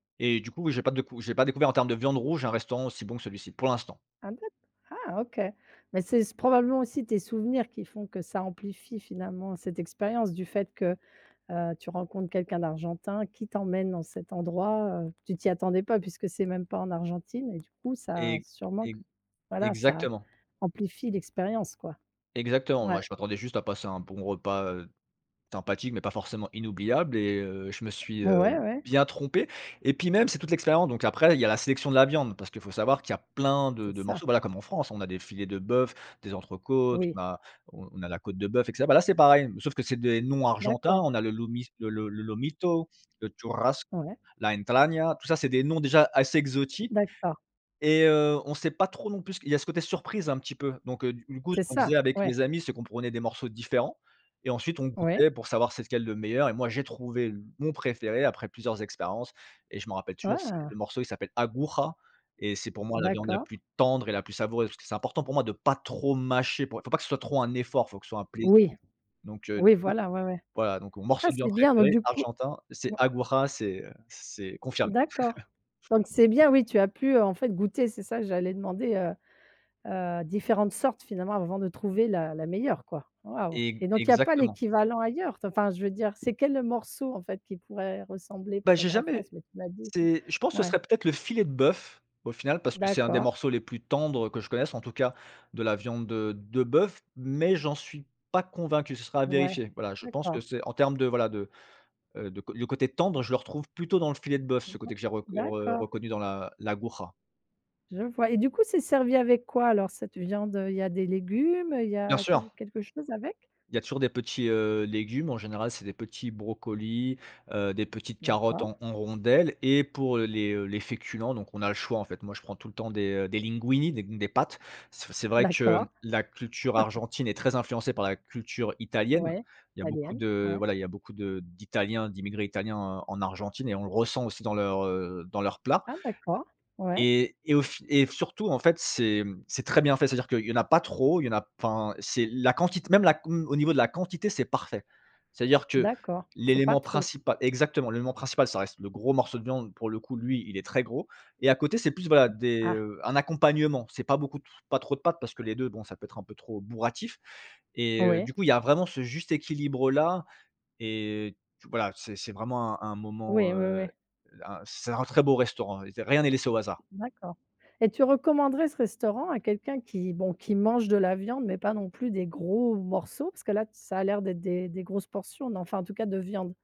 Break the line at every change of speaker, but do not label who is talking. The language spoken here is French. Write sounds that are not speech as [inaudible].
Et du coup oui, j'ai pas décou j'ai pas découvert en termes de viande rouge un restaurant aussi bon que celui-ci pour l'instant.
Ah d'ac ah OK, mais c'est c probablement aussi tes souvenirs qui font que ça amplifie, finalement, cette expérience, du fait que, heu, tu rencontres quelqu'un d'Argentin qui t'emmène dans cet endroit, heu, tu t'y attendais pas puisque c'est même pas en Argentine et du coup, ça a
E
sûrement
e
q voilà, ça
exactement.
amplifie l'expérience, quoi.
Exactement. Moi
Ouais.
je m'attendais juste à passer un bon repas, heu, sympathique, mais pas forcément inoubliable et heu, je me suis, heu,
Ouais, ouais.
bien trompé et puis même c'est toute l'expérience, donc après il y a la sélection de la viande parce qu'il faut savoir qu'il y a plein de
C'est
de
ça.
morceaux, voilà, comme en France. On a des filets de bœuf, des entrecôtes,
Oui.
on a on on a la côte de bœuf, et cetera. Bah là, c'est pareil, sauf que c'est des noms argentins.
D'accord.
On a le lomis le le le Lomito, le Churrasse,
Ouais.
la Entragna. Tout ça, c'est des noms déjà assez exotiques
D'accord.
et heu, on sait pas trop non plus ce qui il y a ce côté surprise un petit peu donc heu, du du coup, ce
C'est
qu'on
ça,
disait avec
ouais.
mes amis, c'est qu'on prenait des morceaux différents et ensuite on
Ouais.
goûtait pour savoir c'est lequel le meilleur et moi j'ai trouvé l mon préféré après plusieurs expériences et je m'en rappelle toujours, c'est
Ah.
le morceau, il s'appelle Aguja et c'est pour moi la viande la
D'accord.
plus tendre et la plus savoureuse, parce que c'est important pour moi de pas trop mâcher pour faut pas que ce soit trop un effort, faut que ce soit un plaisir
Oui,
donc heu, du
ou
coup,
i, voilà, ouais, ouais.
voilà, donc mon
Ah
morceau de viande
c'est bien donc
préféré,
du coup
argentin, c'est
mmh.
Aguja, c'est c'est confirmé. [chuckles]
D'accord, donc c'est bien, oui, tu as pu, heu, en fait, goûter, c'est ça j'allais demander, heu, heu, différentes sortes, finalement, avant de trouver la la meilleure, quoi. Waouh,
E
et donc il y a pas
exactement.
l'équivalent ailleurs? Enfin, je veux dire, c'est quel, heu, morceau, en fait, qui pourrait ressembler
Bah, j'ai
peut-être en France?
jamais
Mais tu m'as dit
c'est je pense que ce
ouais.
serait peut-être le filet de bœuf au final, parce que c'est un des
D'accord.
morceaux les plus tendres que je connaisse, en tout cas, de la viande de de bœuf, mais j'en suis pas convaincu, ce sera à
Ouais,
vérifier. Voilà, je pense que
d'accord.
c'est en termes de, voilà, de, heu, de c le côté tendre, je le retrouve plutôt dans le filet de bœuf,
Aha.
ce côté que j'ai rec re
D'accord.
reconnu dans l'A l'Aguja.
Je vois et du coup, c'est servi avec quoi alors cette viande, heu, il y a des légumes, il y
Bien
a que
sûr.
quelque chose avec?
Il y a toujours des petits, heu, légumes, en général c'est des petits brocolis, heu, des petites carottes
D'accord.
en en rondelles et pour, heu, les, heu, les féculents, donc on a le choix, en fait, moi je prends tout le temps des, heu, des linguinis, des des pâtes, c'est v c'est vrai que
D'accord.
la culture
[chuckles]
argentine est très influencée par la culture italienne.
Ouais,
Il y a beaucoup
italienne,
de
ouais.
voilà, il y a beaucoup de d'italiens, d'immigrés italiens en en Argentine et on le ressent aussi dans leurs, heu, dans leurs plats.
Ah d'accord, ouais.
Et et au f et f surtout, en fait, c'est, mmh, c'est très bien fait. C'est-à-dire qu'il y en a pas trop, il y en a enfin, c'est la quantit même la q mmh, au niveau de la quantité, c'est parfait. C'est-à-dire que
D'accord, c'est pas
l'élément
trop.
principa exactement, l'élément principal ça reste le gros morceau de viande, pour le coup, lui, il est très gros, et à côté c'est plus, voilà, des,
Ah.
heu, un accompagnement. C'est pas beaucoup d [sighs] pas trop de pâtes parce que les 2 bon, ça peut être un peu trop bourratif, et heu,
Ouais.
du coup, il y a vraiment ce juste équilibre là, et t voilà, c'est c'est vraiment un un
Oui, ouais,
moment, heu,
ouais.
un c'est un très beau restaurant, rien n'est laissé au hasard.
D'accord, et tu recommanderais ce restaurant à quelqu'un qui, bon, qui mange de la viande mais pas non plus des gros morceaux? Parce que là, ça a l'air d'être des des grosses portions, enfin, en tout cas, de viande.